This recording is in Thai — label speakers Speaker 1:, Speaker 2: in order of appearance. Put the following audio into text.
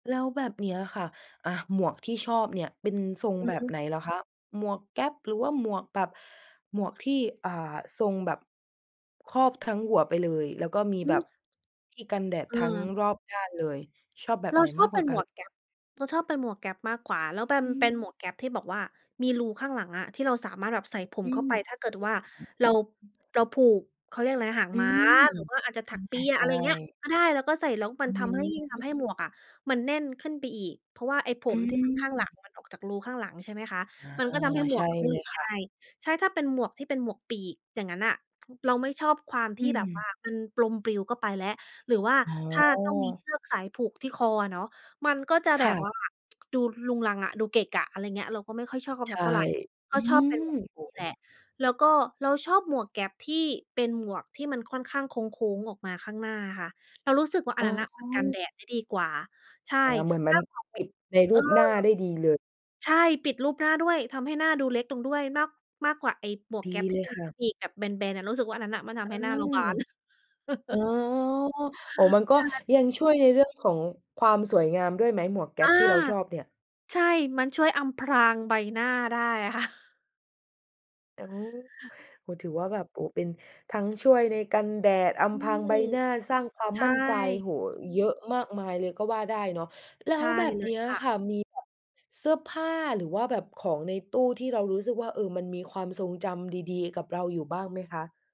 Speaker 1: แล้วแบบเนี้ยอะค่ะ อา หมวกที่ชอบเนี่ยเป็นทรง
Speaker 2: อื
Speaker 1: แบ
Speaker 2: อฮ
Speaker 1: บไ
Speaker 2: ึ
Speaker 1: หนเหรอคะ? หมวกแก๊ปหรือว่าหมวกแบบ หมวกที่ อ่า ทรงแบบ ครอบทั้งหัวไปเลย แล้วก็มี
Speaker 2: อื
Speaker 1: แบ
Speaker 2: ม
Speaker 1: บ ที่กันแดดทั้ง
Speaker 2: เออ
Speaker 1: รอบด้านเลย ชอบแบบ
Speaker 2: เร
Speaker 1: ไ
Speaker 2: า
Speaker 1: หน
Speaker 2: ช
Speaker 1: ม
Speaker 2: อ
Speaker 1: า
Speaker 2: บ
Speaker 1: กก
Speaker 2: เ
Speaker 1: ว
Speaker 2: ป
Speaker 1: ่
Speaker 2: ็
Speaker 1: า
Speaker 2: น
Speaker 1: กั
Speaker 2: หม
Speaker 1: น?
Speaker 2: วกแก๊ป เราชอบเป็นหมวกแก๊ปมากกว่า แล้วแบม
Speaker 1: อื
Speaker 2: เป็
Speaker 1: ม
Speaker 2: นหมวกแก๊ปที่บอกว่ามีรูข้างหลังอะ ที่เราสามารถแบบใส่ผ
Speaker 1: อ
Speaker 2: ม
Speaker 1: ื
Speaker 2: เข้า
Speaker 1: ม
Speaker 2: ไป ถ้าเกิดว่าเรา เราผูก เขาเรียกอะไรนะ หาง
Speaker 1: อื
Speaker 2: ม้า
Speaker 1: ม
Speaker 2: หรือว่าอาจจะถ
Speaker 1: อ
Speaker 2: ั
Speaker 1: ื
Speaker 2: ก
Speaker 1: ม
Speaker 2: เป
Speaker 1: ค
Speaker 2: ี
Speaker 1: ่ะ
Speaker 2: ย
Speaker 1: ใช
Speaker 2: อะ
Speaker 1: ่
Speaker 2: ไรอย่างเงี้ย ก็ได้ เราก็ใส่แล้วม
Speaker 1: อ
Speaker 2: ั
Speaker 1: ื
Speaker 2: นทำให้
Speaker 1: ม
Speaker 2: ทำให้หมวกอะมันแน่นขึ้นไปอีก เพราะว่าไอ้ผ
Speaker 1: อื
Speaker 2: มที่มันข้างหลั
Speaker 1: ม
Speaker 2: ง มันออกจากรูข้างหลัง ใช่ไหมคะ
Speaker 1: อา
Speaker 2: มันก็ทำให้หม
Speaker 1: ใช
Speaker 2: ว
Speaker 1: ่
Speaker 2: ก ไม่
Speaker 1: เล
Speaker 2: หลุ
Speaker 1: ย
Speaker 2: ด
Speaker 1: ค
Speaker 2: ง
Speaker 1: ่
Speaker 2: ่า
Speaker 1: ะ
Speaker 2: ย ใช่ ถ้าเป็นหมวกที่เป็นหมวกปีก อย่างงั้นน่ะ เราไม่ชอบความ
Speaker 1: อ
Speaker 2: ท
Speaker 1: ื
Speaker 2: ี่แบบว
Speaker 1: ม
Speaker 2: ่ามัน ลม ปลิวก็ไปแล้ว หรือว่า
Speaker 1: อ๋
Speaker 2: ถ้าต้องมีเ
Speaker 1: อ
Speaker 2: ชือกสายผูกที่คออะเนาะ มันก็จะ
Speaker 1: ค
Speaker 2: แบ
Speaker 1: ่
Speaker 2: บว่
Speaker 1: ะ
Speaker 2: า ดูรุงรังอะ ดูเกะกะ อะไรอย่างเงี้ย เราก็ไม่ค่อยชอบส
Speaker 1: ใช
Speaker 2: ัก
Speaker 1: ่
Speaker 2: เท่าไร
Speaker 1: อ
Speaker 2: ก
Speaker 1: ื
Speaker 2: ็ชอบเป็
Speaker 1: ม
Speaker 2: นหมวกอย่า
Speaker 1: โ
Speaker 2: ง
Speaker 1: อ้
Speaker 2: งี้แหละ แล้วก็เราชอบหมวกแก๊ปที่ เป็นหมวกที่มันค่อนข้างโค้ง ๆ ออกมาข้างหน้าค่ะ เรารู้สึกว่าอั
Speaker 1: อ๋
Speaker 2: นน
Speaker 1: อ
Speaker 2: ั้นน่ะมันกันแดดได้ดีกว่า ใช่
Speaker 1: อา เหมือนม
Speaker 2: แล
Speaker 1: ั
Speaker 2: ้
Speaker 1: น
Speaker 2: วเกาะ
Speaker 1: ปิ
Speaker 2: อ
Speaker 1: ดในร
Speaker 2: เอ
Speaker 1: ู
Speaker 2: อ
Speaker 1: ปหน้าได้ดีเลย
Speaker 2: ใช่ปิดรูปหน้าด้วย ทำให้หน้าดูเล็กลงด้วย มาก มากกว่าไอ้หมวก
Speaker 1: ด
Speaker 2: แก
Speaker 1: ี
Speaker 2: ๊ปท
Speaker 1: เ
Speaker 2: ี
Speaker 1: ล
Speaker 2: ่เ
Speaker 1: ย
Speaker 2: ป็น
Speaker 1: ค่ะ
Speaker 2: ปีกแบบแบน ๆ รู้สึกว่าอันนั้นน่ะ มันท
Speaker 1: อ
Speaker 2: ำ
Speaker 1: า
Speaker 2: ให้หน้าเราบาน
Speaker 1: อ๋อ อ๋อ มันก็
Speaker 2: ใช่
Speaker 1: ยังช่วยในเรื่องของความสวยงามด้วยไหม หมวกแก๊
Speaker 2: อา
Speaker 1: ปที่เราชอบเนี่ย?
Speaker 2: ใช่ มันช่วยอำพรางใบหน้าได้อะ ค่ะ
Speaker 1: โอ้ ถือว่าแบบ โอ้ เป็นทั้งช่วยในกันแดด อ
Speaker 2: อื
Speaker 1: ำพราง
Speaker 2: ม
Speaker 1: ใบหน้า สร้างความ
Speaker 2: ใช
Speaker 1: มั่นใจ
Speaker 2: ่
Speaker 1: โอ้ เยอะมากมายเลยก็ว่าได้เนาะ แล้
Speaker 2: ใช
Speaker 1: ว
Speaker 2: ่
Speaker 1: แบบ
Speaker 2: เล
Speaker 1: เนี
Speaker 2: ย
Speaker 1: ้ย
Speaker 2: ค
Speaker 1: อะ
Speaker 2: ่ะ
Speaker 1: ค่ะ มีแบบเสื้อผ้า หรือว่าแบบของในตู้ที่เรารู้สึกว่า เออ มันมีความทรงจำดี ๆ กับเราอยู่บ้างไหมคะ?